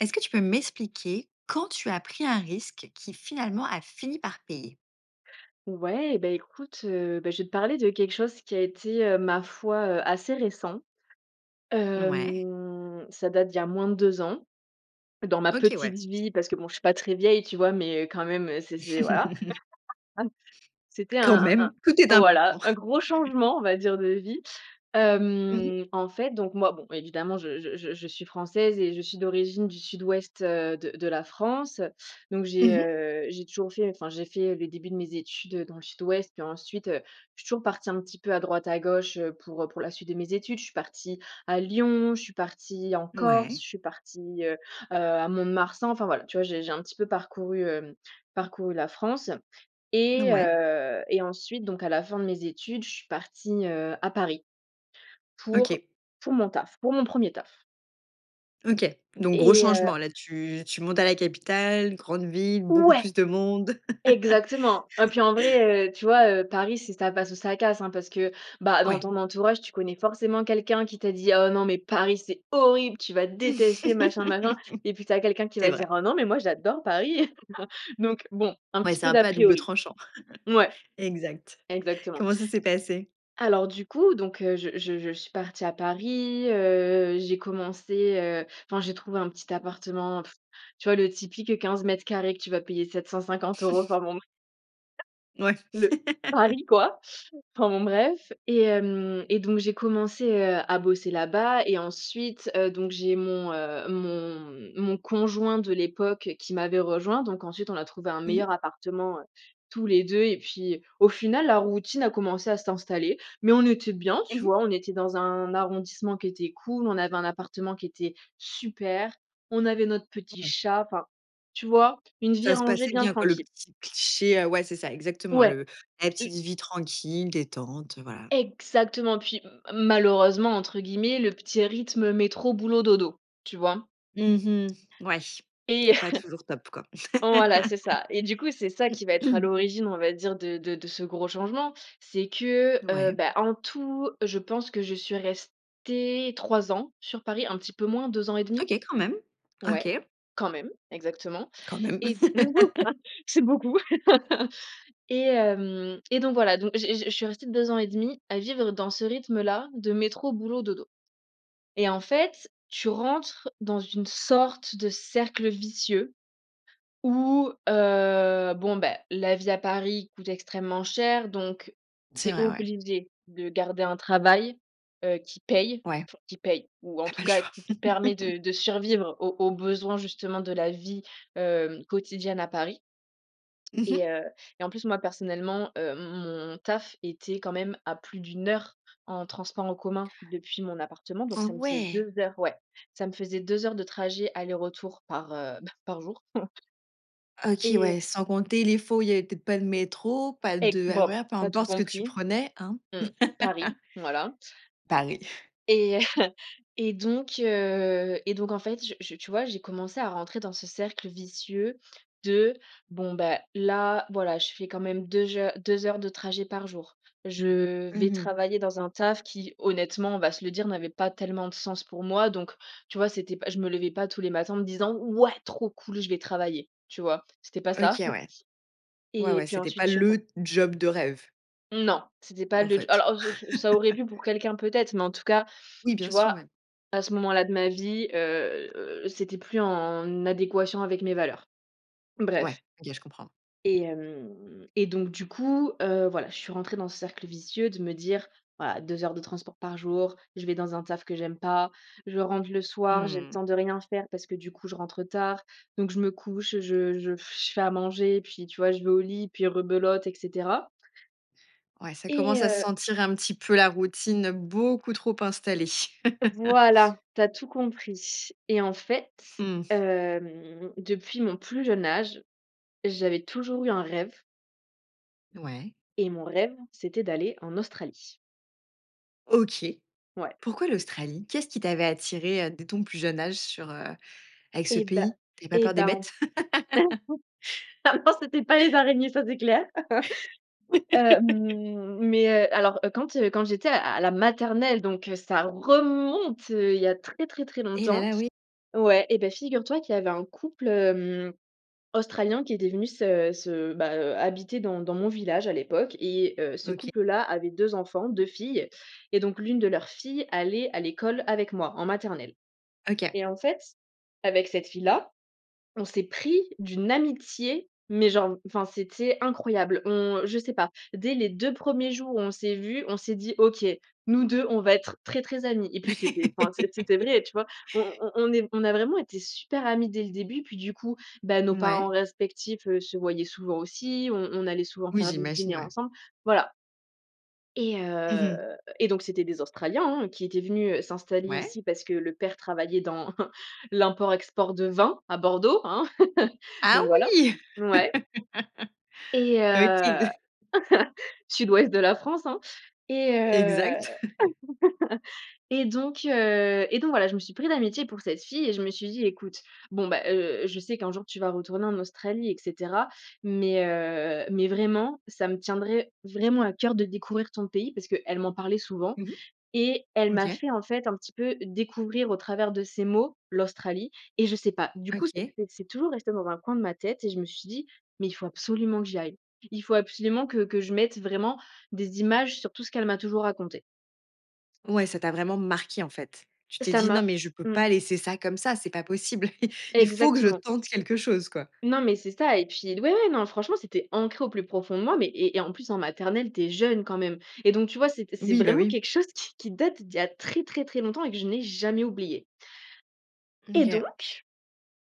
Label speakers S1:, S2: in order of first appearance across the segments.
S1: Est-ce que tu peux m'expliquer quand tu as pris un risque qui finalement a fini par payer?
S2: Ouais, et bah, écoute, heu, bah, je vais te parler de quelque chose qui a été, heu, ma foi, heu, assez récent.
S1: N ouais.
S2: Hem, ça date d'il y a moins de 2 ans dans ma
S1: OK ouais.
S2: petite vie
S1: C'était
S2: parce que bon, je suis pas très vieille, tu vois? Mais heu, quand même c'est c'est voilà. [unintelligible] C'était
S1: Quand
S2: un un
S1: même, tout est
S2: un
S1: important.
S2: voilà, un gros changement, on va dire, de vie.
S1: Mmh mh.
S2: Hem, en fait, donc, moi bon évidemment je je je je suis française et je suis d'origine du Sud-Ouest, heu, de de la France, donc
S1: Mmh
S2: j'ai,
S1: mh.
S2: heu, j'ai toujours fait, enfin, j'ai fait le début de mes études dans le Sud-Ouest, puis ensuite, heu, je suis toujours partie un petit peu à droite à gauche pour, heu, pour la suite de mes études. Je suis partie à Lyon, je suis partie en Corse,
S1: Ouais.
S2: je suis partie, heu, heu, à Mont-de-Marsan enfin, voilà, tu vois? J'ai j'ai un petit peu parcouru, hem, parcouru la France
S1: N
S2: et
S1: ouais.
S2: heu, et ensuite donc à la fin de mes études, je suis partie, heu, à Paris, pour
S1: OK.
S2: pour mon taf, pour mon 1er taf.
S1: OK, donc gros
S2: Et heu
S1: changement, là, tu tu montes à la capitale, grande ville, beaucoup
S2: Ouais.
S1: plus de monde.
S2: Exactement et puis, en vrai, heu, tu vois, heu, Paris, c'est ça passe ou ça casse, hein, parce que, bah, dans
S1: Ouais.
S2: ton entourage, tu connais forcément quelqu'un qui t'as dit: «Oh non mais Paris, c'est horrible, tu vas détester machin, machin» et puis tu as quelqu'un qui
S1: C'est
S2: va
S1: vrai.
S2: dire: «Ah non mais moi j'adore Paris», donc, bon, un
S1: Ouais,
S2: petit
S1: c'est
S2: peu
S1: un
S2: d'à
S1: peu à double
S2: priori.
S1: tranchant.
S2: Mouais,
S1: Exact.
S2: exactement.
S1: Comment ça s'est passé?
S2: Alors, du coup, donc heu, je je je suis partie à Paris. Heu, j'ai commencé, heu, enfin j'ai trouvé un petit appartement. Pff tu vois le typique, heu, 15 m2 que tu vas payer 750 € par mois, [unintelligible]
S1: Ouais.
S2: le Paris, quoi! Enfin, bon, bref, et hem, et donc j'ai commencé, heu, à bosser là-bas et ensuite, heu, donc j'ai mon, heu, mon mon conjoint de l'époque qui m'avait rejoint, donc ensuite on a trouvé un
S1: Mmh mh.
S2: meilleur appartement, heu, tous les 2 et puis, au final, la routine a commencé à s'installer, mais on était bien,
S1: Mmh
S2: tu
S1: mh.
S2: vois? On était dans un arrondissement qui était cool, on avait un appartement qui était super, on avait notre petit
S1: Ouais.
S2: chat, enfin, tu vois? Une vie
S1: Ça se
S2: rangée
S1: passait
S2: bien
S1: bien, quoi, le
S2: tranquille.
S1: petit cliché, ah ouais, c'est ça exactement
S2: Ouais.
S1: le la petite
S2: Et
S1: vie tranquille, détente, voilà.
S2: Exactement, puis malheureusement entre guillemets, le petit rythme métro, boulot, dodo. Tu vois?
S1: Mmh mh. Ouais.
S2: Et
S1: C'est pas toujours top, quoi.
S2: voilà, c'est ça, et du coup, c'est ça qui va être à l'origine, on va dire, de de de ce gros changement c'est que, heu,
S1: Ouais.
S2: bah, en tout, heu, je pense que je suis restée 3 ans sur Paris, un petit peu moins, 2 ans et 1/2.
S1: OK. Quand même. OK.
S2: Ouais, quand même, exactement
S1: Quand même.
S2: et c'est beaucoup. Et hem, et donc voilà, donc je je je suis restée 2 ans et 1/2 à vivre dans ce rythme là de métro, boulot, dodo, et en fait, tu rentres dans une sorte de cercle vicieux où, heu, bon, ben, la vie à Paris coûte extrêmement cher donc tu
S1: C'est
S2: es
S1: vrai, ouais.
S2: obligée de garder un travail, heu, qui paye,
S1: Ouais.
S2: enfin qui paye, ou en
S1: Tu as
S2: tout
S1: pas
S2: cas
S1: choix.
S2: qui te permet de de survivre aux aux besoins justement de la vie, hem, quotidienne à Paris.
S1: Mmh mh.
S2: Et heu, et en plus moi, personnellement, heu, m mon taf était quand même à plus d'1 heure en transport en commun depuis mon appartement donc
S1: Oh
S2: ça me faisait
S1: ouais!
S2: 2 heures ouais, ça me faisait 2 heures de trajet aller-retour par, heu, bah, par jour en f
S1: OK
S2: Et heu
S1: ouais, sans compter, les fois, où il y avait peut-être pas de métro, pas
S2: E
S1: de
S2: bop,
S1: RER, peu
S2: tu as tout
S1: importe ce que tu
S2: compris.
S1: prenais, hein?
S2: Mmh. Paris, voilà.
S1: Paris.
S2: Et heu, et donc heu, et donc en fait, je je tu vois, j'ai commencé à rentrer dans ce cercle vicieux de, bon, bah, là, voilà, je fais quand même 2 heures, 2 heures de trajet par jour. Je vais
S1: Mmh mh.
S2: travailler dans un taf qui honnêtement, on va se le dire, n'avait pas tellement de sens pour moi, donc, tu vois, c'était pas je me levais pas tous les matins en me disant: «Ouais trop cool je vais travailler», tu vois? C'était pas ça.
S1: OK, ouais. Ouais,
S2: Et
S1: ouais,
S2: puis
S1: c'était pas
S2: ensuite, j'ai ren
S1: le job de rêve.
S2: Non c'était pas
S1: En
S2: le d
S1: fait.
S2: alors, ç ç ça aurait pu pour quelqu'un, peut-être, mais en tout cas,
S1: Oui,
S2: tu
S1: bien sûr, ouais.
S2: vois, à ce moment-là de ma vie, heu, heu, c'était plus en adéquation avec mes valeurs.
S1: Ouais,
S2: Bref.
S1: OK, je comprends.
S2: Et hem, et donc du coup, heu, voilà, je suis rentrée dans ce cercle vicieux de me dire: «Voilà, 2 heures de transport par jour, je vais dans un taf que j'aime pas, je rentre le soir, j'ai le
S1: Mmh.
S2: temps de rien faire parce que du coup, je rentre tard, donc je me couche, heu, je je je fais à manger, puis tu vois, je vais au lit, puis rebelote, et cetera».
S1: Ouais, ça
S2: Et
S1: commence à
S2: heu
S1: sentir un petit peu la routine beaucoup trop installée.
S2: Voilà, tu as tout compris, et en fait,
S1: Mmh.
S2: hem, depuis mon plus jeune âge, j'avais toujours eu un rêve
S1: Ouais.
S2: et mon rêve, c'était d'aller en Australie.
S1: OK.
S2: Ouais.
S1: Pourquoi
S2: M
S1: l'Australie? Qu'est-ce qui t'avait attirée, heu, dès ton plus jeune âge sur, heu avec ce
S2: Et bah,
S1: pays? Tu avais pas
S2: et
S1: peur des
S2: ben en
S1: bêtes?
S2: f Ah non, ah non, c'était pas les araignées, ça, c'est clair. Heu, mmh, mais heu, alors, heu, quand, heu, quand j'étais à à la maternelle, donc heu, ça remonte, heu, il y a très, très, très
S1: Eh, là,
S2: longtemps.
S1: là, oui.
S2: Ouais, et ben, figure toi qu'il y avait un couple, hem, Australien qui était venu se se bah, heu, habiter dans dans mon village à l'époque et heu, ce
S1: OK.
S2: couple là avait 2 enfants, 2 filles et donc, l'1 de leurs filles allait à l'école avec moi en maternelle,
S1: OK.
S2: et en fait, avec cette fille là, on s'est pris d'une amitié, mais genre, enfin c'était incroyable. On je sais pas. Dès les 2 premiers jours où on s'est vues, on s'est dit: «OK, nous 2, on va être très, très amies», et puis c'était, enfin c'est c'était vrai, tu vois? On on on est on a vraiment été super amies dès le début, et puis, du coup, bah, nos
S1: Mouais.
S2: parents respectifs, heu, se voyaient souvent aussi. On on allait souvent
S1: Oui,
S2: faire des
S1: j'imagine,
S2: dîners
S1: ouais.
S2: ensemble. Voilà. Et
S1: Mmh mh.
S2: heu, et donc c'était des Australiens, hein, qui étaient venus, heu, s'installer
S1: Ouais.
S2: ici parce que le père travaillait dans l'import-export de vins à Bordeaux, hein.
S1: Ah
S2: Donc voilà,
S1: oui!
S2: ouais. Et heu,
S1: OK de
S2: Sud-Ouest de la France, hein, et heu,
S1: Exact.
S2: et donc heu, et donc voilà, je me suis pris d'amitié pour cette fille et je me suis dit: «Écoute, bon, ben, heu, je sais qu'un jour tu vas retourner en Australie et cetera mais heu, mais vraiment ça me tiendrait vraiment à cœur de découvrir ton pays» parce qu'elle m'en parlait souvent
S1: Mmh mh,
S2: et elle
S1: mmh,
S2: m'a
S1: OK.
S2: fait, en fait, un petit peu découvrir au travers de ses mots l'Australie et je sais pas du coup, c'est
S1: OK.
S2: c'est c'est toujours resté dans un coin de ma tête et je me suis dit: «Mais il faut absolument que j'y aille. Il faut absolument que que je mette vraiment des images sur tout ce qu'elle m'a toujours raconté».
S1: Ouais, ça t'a vraiment marquée, en fait. Tu t'es
S2: Ça
S1: dit: «Non,
S2: m'a
S1: mais je peux
S2: mmh.
S1: pas laisser ça comme ça, c'est pas possible, il faut que je
S2: Exactement.
S1: tente quelque chose, quoi»
S2: Non, mais c'est ça, et puis ouais, ouais, non franchement, c'était ancré au plus profond de moi, mais et et en plus en maternelle, tu es jeune quand même, et donc tu vois, c'étais c'est
S1: Oui, bah,
S2: vraiment
S1: oui.
S2: quelque chose qui qui date d'il y a très, très, très longtemps et que je n'ai jamais oublié.
S1: Mmh,
S2: Et
S1: OK.
S2: donc,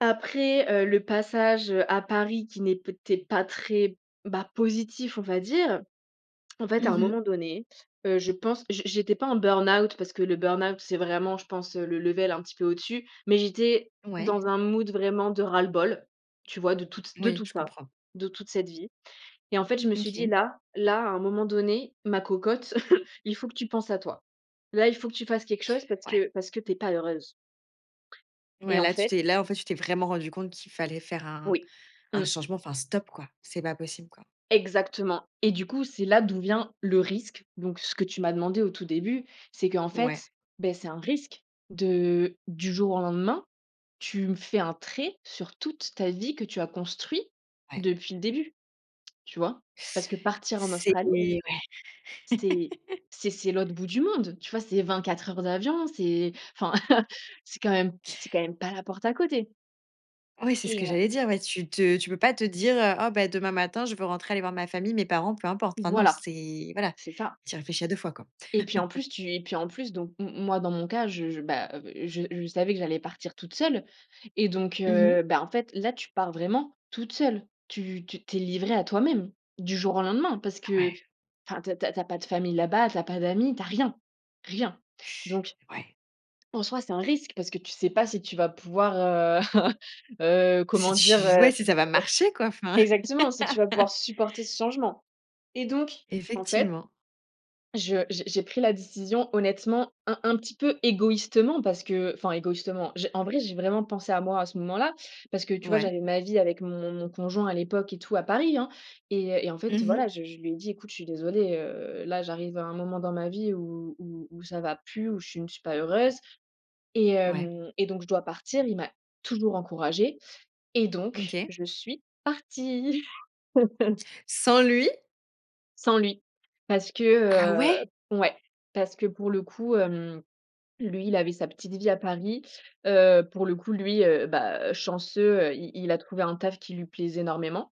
S2: après, heu, le passage, heu, à Paris qui n'est peut être pas très bah, positif, on va dire. En fait à
S1: Mmh
S2: un
S1: mh.
S2: moment donné, heu, je pense, je j'étais pas en burn-out parce que le burn-out c'est vraiment, je pense, le level un petit peu au-dessus, mais j'étais
S1: Ouais.
S2: dans un mood vraiment de ras-le-bol, tu vois de tout t de
S1: Moui,
S2: tout
S1: je
S2: ça,
S1: comprends.
S2: de toute cette vie, et en fait, je me suis dit:
S1: OK.
S2: «Là, là, à un moment donné, ma cocotte, il faut que tu penses à toi. Là, il faut que tu fasses quelque chose parce
S1: Ouais.
S2: que parce que tu es pas heureuse».
S1: Ouais
S2: Et en
S1: là tu
S2: fait
S1: t'es là, en fait, tu t'es vraiment rendu compte qu'il fallait faire un
S2: Oui,
S1: un
S2: mmh.
S1: changement, enfin stop, quoi. C'est pas possible, quoi.
S2: Exactement, et du coup, c'est là d'où vient le risque, donc ce que tu m'as demandé au tout début, c'est qu'en
S1: Ouais.
S2: fait, bah, c'est un risque de du jour au lendemain, tu me fais un trait sur toute ta vie que tu as construit,
S1: Ouais.
S2: depuis le début, tu vois? Parce que partir en
S1: C'est
S2: Australie
S1: ouais.
S2: c'est c'est c'est l'autre bout du monde tu vois c'est 24 heures d'avion, c'est enfin, c'est quand même c'est quand même pas la porte à côté.
S1: Oui, c'est ce
S2: Et
S1: que
S2: heu
S1: j'allais dire, oui. Tu te tu peux pas te dire: «Ah, bah, demain matin, je veux rentrer aller voir ma famille, mes parents, peu importe». Enfin non,
S2: Voilà.
S1: c'est voilà,
S2: C'est ça
S1: tu y réfléchis à 2 fois, quoi.
S2: et puis, en plus, tu et puis, en plus donc m moi, dans mon cas, je je bah, je je savais que j'allais partir toute seule et donc
S1: Mmh mh.
S2: heu, bah, en fait, là, tu pars vraiment toute seule! Tu tu tu es livrée à toi-même, du jour au lendemain, parce que
S1: Ouais.
S2: enfin, tu as tu as tu as pas de famille là-bas, tu as pas d'amis, tu as rien, rien! Donc
S1: Ouais.
S2: en soi, c'est un risque, parce que tu sais pas si tu vas pouvoir, heu, heu,
S1: Si
S2: comment dire,
S1: tu
S2: heu,
S1: ouais,
S2: e
S1: si ça va marcher, quoi? Enfin
S2: exactement! Si tu vas pouvoir supporter ce changement et donc, en fait,
S1: Effectivement.
S2: je j'ai j'ai pris la décision honnêtement un un petit peu égoïstement parce que enfin, égoïstement, j'ai en vrai, j'ai vraiment pensé à moi à ce moment-là parce que tu vois,
S1: Ouais.
S2: j'avais ma vie avec mon mon conjoint à l'époque et tout à Paris, hein et et en fait,
S1: Mmh mh.
S2: voilà, je je lui ai dit: «Écoute, je suis désolée, heu, là j'arrive à un moment dans ma vie où où où ça va plus, où je ne suis pas heureuse et
S1: Ouais.
S2: hem et donc je dois partir». Il m'a toujours encouragée et donc
S1: OK.
S2: je suis partie!
S1: Sans lui?
S2: Sans lui, parce que,
S1: Ah ouais?
S2: heu ouais! Parce que pour le coup, hem, lui, il avait sa petite vie à Paris, heu, pour le coup, lui, heu, bah, heu, chanceux, heu, il il a trouvé un taf qui lui plaisait énormément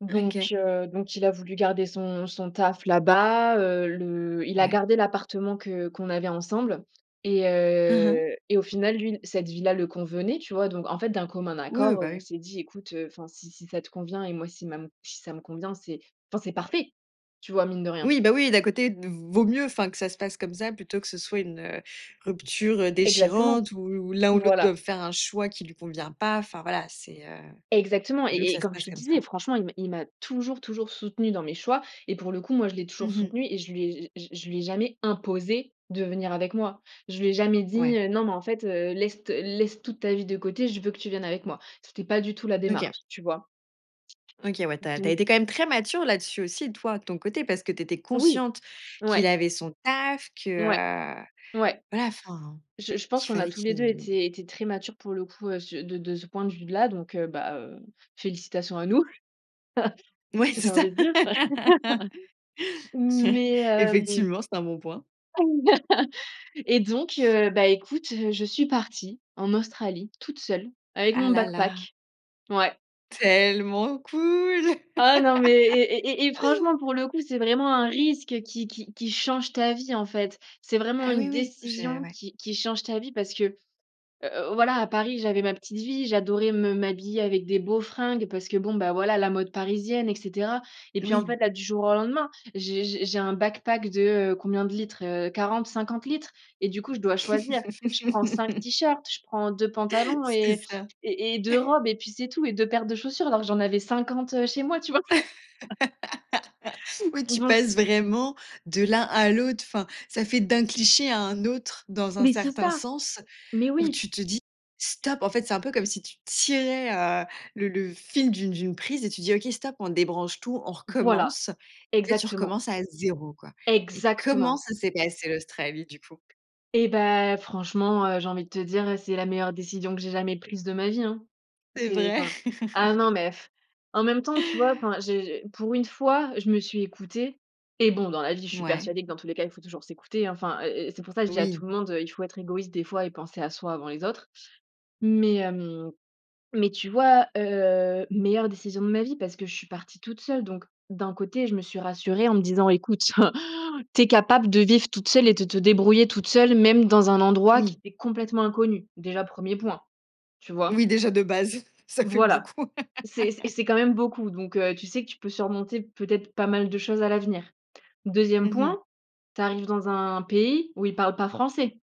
S2: donc
S1: OK.
S2: heu, donc il a voulu garder son son taf là-bas, heu, le il a
S1: Ouais.
S2: gardé l'appartement que qu'on avait ensemble et
S1: Hein, hein.
S2: heu, et au final, lui, cette vie-là le convenait, tu vois donc, en fait, d'un commun
S1: Oui,
S2: accord, heu,
S1: bah,
S2: on
S1: oui.
S2: s'est dit: «Écoute, heu, enfin si si ça te convient et moi si ma si ça me convient c'est enfin c'est parfait», tu vois, mine de rien.
S1: Oui, bah, oui, d'un côté d vaut mieux, enfin, que ça se passe comme ça plutôt que ce soit une, heu, rupture, heu,
S2: Exactement!
S1: déchirante ou l'un ou l'autre
S2: Voilà!
S1: doive faire un choix qui lui convient pas, enfin, voilà, c'est, heu,
S2: Exactement
S1: vaut mieux que
S2: et et
S1: ça se
S2: comme je
S1: passe
S2: te
S1: comme ça.
S2: disais, franchement, il m'a il m'a toujours, toujours soutenue dans mes choix et pour le coup, moi, je l'ai
S1: Mmh
S2: toujours
S1: mh.
S2: soutenu et je lui ai j j je lui ai jamais imposé de venir avec moi. Je lui ai jamais
S1: Ouais.
S2: dit, heu: «Non, mais en fait, heu, laisse t laisse toute ta vie de côté, je veux que tu viennes avec moi». C'était pas du tout la
S1: OK.
S2: démarche, tu vois?
S1: OK, ouais, tu as tu as
S2: Donc
S1: été quand même très mature là-dessus aussi toi, de ton côté parce que tu étais
S2: Oui,
S1: consciente qu'il
S2: ouais.
S1: avait son taf, que,
S2: Ouais,
S1: heu,
S2: ouais,
S1: voilà, enfin,
S2: je je pense
S1: qu'il
S2: qu'on a
S1: fallait
S2: tous les 2
S1: qu'il
S2: été été très matures, pour le coup, sur de de ce point de vue d là, donc heu, bah, heu, félicitations à nous,
S1: Ouais,
S2: j'ai
S1: c'est ça!
S2: envie de dire, mais, hem
S1: Effectivement, c'est un bon point.
S2: et donc, heu, bah, écoute, je suis partie, en Australie, toute seule, avec
S1: Ah
S2: mon
S1: là là!
S2: backpack. Ouais.
S1: Tellement cool!
S2: Ah non, mais et et et et franchement pour le coup, c'est vraiment un risque qui qui qui change ta vie, en fait! C'est vraiment
S1: Ah
S2: une
S1: oui, oui, j'ai
S2: décision
S1: ouais.
S2: qui qui change ta vie parce que, heu heu, voilà, à Paris, j'avais ma petite vie, j'adorais me m'habiller avec des beaux fringues parce que, bon, bah, voilà, la mode parisienne et cetera et puis, en fait,
S1: Oui.
S2: là, du jour au lendemain, j'ai j'ai j'ai un backpack. de, heu, combien de litres? Heu, 40-50 litres et du coup je dois choisir, je prends 5 tee-shirts, je prends 2 pantalons
S1: C'est
S2: et
S1: ça!
S2: et et 2 robes et puis, c'est tout et 2 paires de chaussures alors que j'en avais 50, heu, chez moi, tu vois!
S1: Ouais, tu
S2: [unintelligible]
S1: passes vraiment de l'un à l'autre, enfin, ça fait d'un cliché à un autre dans un
S2: Mais c'est
S1: certain
S2: ça!
S1: sens
S2: Mais
S1: où
S2: oui!
S1: tu te dis: «Stop!», en fait, c'est un peu comme si tu tirais, heu, le le fil d'une d'une prise et tu dis: «OK, stop, on débranche tout, on
S2: Voilà!
S1: recommence!» et là tu
S2: Exactement!
S1: recommences à 0, quoi! Et comment
S2: Exactement!
S1: ça s'est passé l'Australie, du coup?
S2: Et bah, franchement, heu, j'ai envie de te dire, c'est la meilleure décision que j'ai jamais prise de ma vie, hein.
S1: C'est
S2: C'est
S1: vrai.
S2: enfin, ah non, mais, en même temps, tu vois, enfin, j'ai j'ai pour une fois, je me suis écoutée et bon, dans la vie je suis
S1: Mouais.
S2: persuadée que dans tous les cas il faut toujours s'écouter enfin, heu heu, c'est pour ça que je dis à
S1: Oui.
S2: tout le monde, heu: «Il faut être égoïste des fois et penser à soi avant les autres» mais hem, mais tu vois, heu, meilleure décision de ma vie parce que je suis partie toute seule donc, d'un côté je me suis rassurée en me disant: «Écoute, tu es capable de vivre toute seule et de te débrouiller toute seule, même dans un endroit qui
S1: Oui.
S2: t'est complètement inconnu», déjà, 1er point, tu
S1: Oui,
S2: vois?
S1: déjà, de base, ça fait
S2: Voilà,
S1: beaucoup!
S2: c'est c et c'est quand même beaucoup donc heu, tu sais que tu peux surmonter peut-être pas mal de choses à l'avenir. 2e
S1: Mmh
S2: point,
S1: mh.
S2: tu arrives dans un pays où ils parlent pas français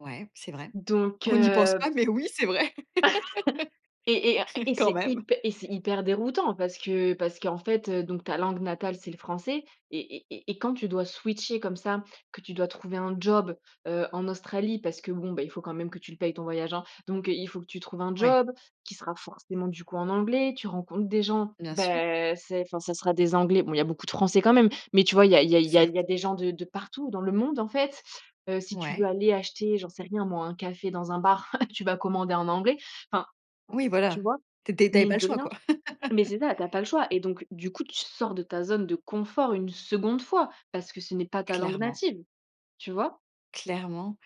S1: Ouais, c'est vrai.
S2: donc
S1: On n'y pense
S2: heu
S1: pas, mais oui, c'est vrai!
S2: Et et un et
S1: Quand
S2: c'est
S1: même!
S2: hyp et c'est hyper déroutant parce que parce qu'en fait, heu, donc ta langue natale, c'est le français et et et et quand tu dois switcher comme ça, que tu dois trouver un job, heu, en Australie parce que, bon, bah, il faut quand même que tu le payes ton voyage, hein, donc heu, il faut que tu trouves un
S1: Ouais.
S2: job qui sera forcément, du coup, en anglais, tu rencontres des gens,
S1: Bien sûr.
S2: bah, c'est enfin, ça sera des anglais. Bon, il y a beaucoup de français quand même mais tu vois, il y a il y a il y a il y
S1: Certes.
S2: a des gens de de partout dans le monde, en fait, heu, si tu veux
S1: Ouais.
S2: aller acheter, j'en sais rien moi, un café dans un bar, tu vas commander en anglais, enfin,
S1: Oui,
S2: tu
S1: voilà,
S2: vois,
S1: t t tu avais pas
S2: mine
S1: le
S2: de
S1: choix,
S2: rien,
S1: quoi?
S2: mais c'est ça, tu as pas le choix et donc du coup, tu sors de ta zone de confort une 2nde fois parce que ce n'est pas ta langue
S1: Clairement.
S2: native, tu vois
S1: Clairement.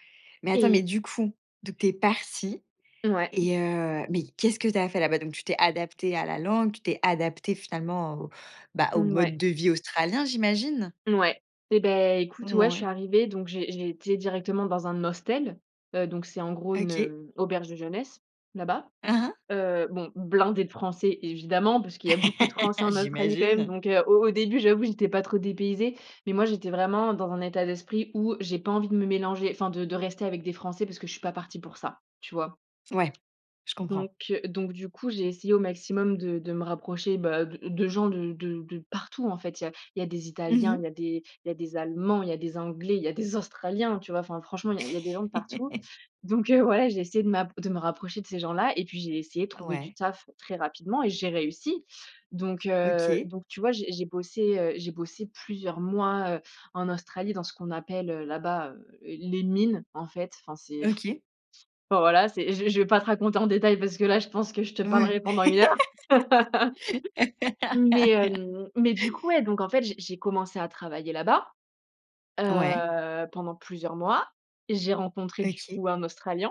S1: Mais attends, mais
S2: et
S1: du coup, donc tu es partie
S2: Ouais.
S1: et heu, mais qu'est-ce que tu as fait là-bas? Donc tu t'es adaptée à la langue, tu t'es adaptée finalement au, bah, au mode
S2: Mouais.
S1: de vie australien, j'imagine?
S2: Ouais, et beh, écoute, ouais, je suis
S1: Mouais.
S2: arrivée, donc j'ai j'ai été directement dans un hostel, heu, donc c'est, en gros, une,
S1: OK.
S2: heu, auberge de jeunesse, là-bas,
S1: Hein, hein.
S2: heu, bon, blindée de français, évidemment, parce qu'il y a beaucoup de français en Australie quand même,
S1: J'imagine!
S2: donc heu, au au début, j'avoue j'étais pas trop dépaysée. Mais moi, j'étais vraiment dans un état d'esprit où j'ai pas envie de me mélanger, enfin de de rester avec des français, parce que je suis pas partie pour ça, tu vois,
S1: Ouais, je comprends.
S2: donc heu, donc du coup, j'ai essayé au maximum de de me rapprocher, bah, de de gens de de de partout, en fait! Il y a il y a des
S1: Mmh
S2: italiens,
S1: mh.
S2: il y a des il y a des allemands, il y a des anglais, il y a des australiens, tu vois, enfin, franchement, il y a il y a des gens de partout, donc heu, ouais, j'ai essayé de m'a de me rapprocher de ces gens-là et puis, j'ai essayé de trouver du
S1: Ouais.
S2: taf très rapidement et j'ai réussi, donc heu,
S1: OK.
S2: donc tu vois, j'ai j'ai bossé, heu, j'ai bossé plusieurs mois, heu, en Australie dans ce qu'on appelle, heu, là-bas, heu, les mines, en fait, enfin, c'est
S1: OK.
S2: enfin, voilà, c'est j'ai je vais pas te raconter en détail parce que là, je pense que je te
S1: Ouais.
S2: parlerai pendant 1 heure! Mais hem, mais du coup, ouais, donc en fait, j'ai j'ai commencé à travailler là-bas,
S1: Ouais.
S2: heu, pendant plusieurs mois et j'ai rencontré du
S1: OK.
S2: coup, un australien.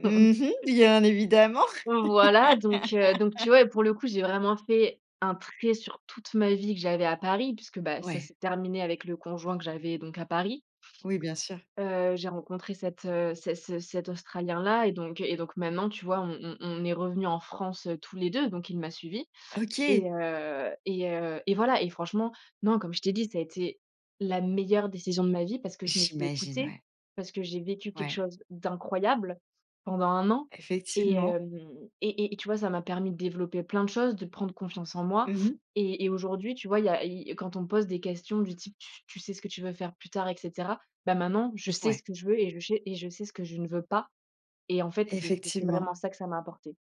S1: Mmh mh. Bien évidemment!
S2: Voilà, donc heu, donc tu vois, pour le coup, j'ai vraiment fait un trait sur toute ma vie que j'avais à Paris puisque, bah, ça
S1: Ouais.
S2: s'est terminé avec le conjoint que j'avais donc à Paris
S1: Oui, bien sûr.
S2: heu, j'ai rencontré cet, heu, cet ce cet australien là et donc et donc maintenant, tu vois, on on on est revenus en France, heu, tous les 2, donc il m'a suivi
S1: OK!
S2: et heu et heu, et voilà et franchement, non, comme je t'ai dit, ça a été la meilleure décision de ma vie parce que je me suis
S1: J'imagine,
S2: écoutée,
S1: ouais.
S2: parce que j'ai vécu quelque
S1: Ouais.
S2: chose d'incroyable pendant 1 an et
S1: Effectivement!
S2: hem et et tu vois, ça m'a permis de développer plein de choses, de prendre confiance en moi
S1: Mmh mh.
S2: et et aujourd'hui, tu vois, il y a il y quand on me pose des questions du type: «Tu tu sais ce que tu veux faire plus tard?» et cetera, bah, maintenant je sais
S1: Ouais.
S2: ce que je veux et je sais et je sais ce que je ne veux pas et en fait, c'est c'est
S1: Effectivement.
S2: vraiment ça que ça m'a apporté,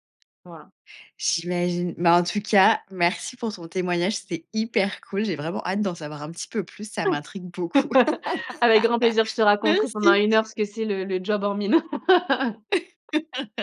S2: voilà.
S1: J'imagine! Bah, en tout cas, merci pour ton témoignage, c'était hyper cool, j'ai vraiment hâte d'en savoir un petit peu plus ça m'intrigue beaucoup!
S2: Avec grand plaisir, je te raconterai pendant
S1: Merci!
S2: 1 heure ce que c'est le le job en mine!